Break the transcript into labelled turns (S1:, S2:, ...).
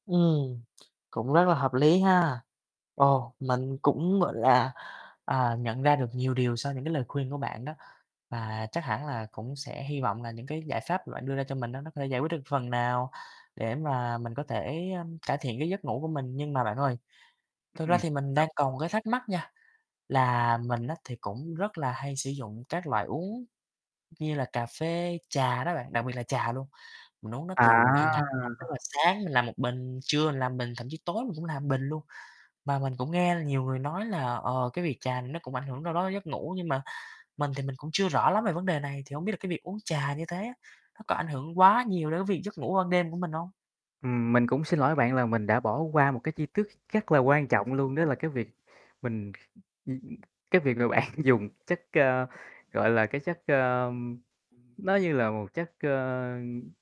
S1: Ừm, cũng rất là hợp lý ha. Ồ, mình cũng, gọi là, à, nhận ra được nhiều điều sau những cái lời khuyên của bạn đó. Và chắc hẳn là cũng sẽ hy vọng là những cái giải pháp mà bạn đưa ra cho mình á, nó có thể giải quyết được phần nào, để mà mình có thể, ơm, cải thiện cái giấc ngủ của mình. Nhưng mà bạn ơi, thực ra
S2: Ừm.
S1: thì mình
S2: [unintelligible]
S1: đang còn một cái thắc mắc nha, là mình á, thì cũng rất là hay sử dụng các loại uống như là cà phê, trà đó bạn, đặc biệt là trà luôn. Mình uống nó
S2: À.
S1: từ hàng ngày, tức là sáng mình làm 1 bình, trưa mình làm bình, thậm chí tối mình cũng làm 1 bình luôn. Mà mình cũng nghe nhiều người nói là, ờ, cái việc trà này nó cũng ảnh hưởng đâu đó giấc ngủ, nhưng mà mình thì mình cũng chưa rõ lắm về vấn đề này. Thì hông biết là cái việc uống trà như thế á, nó có ảnh hưởng quá nhiều đến cái việc giấc ngủ ban đêm của mình hông?
S2: Ừm, mình cũng xin lỗi bạn là mình đã bỏ qua một cái chi tiết rất là quan trọng luôn, đó là cái việc
S1: [unintelligible]
S2: mình ưm, ừm cái việc mà bạn dùng chất, ờ, gọi là cái chất, ờm nó như là một chất, ờ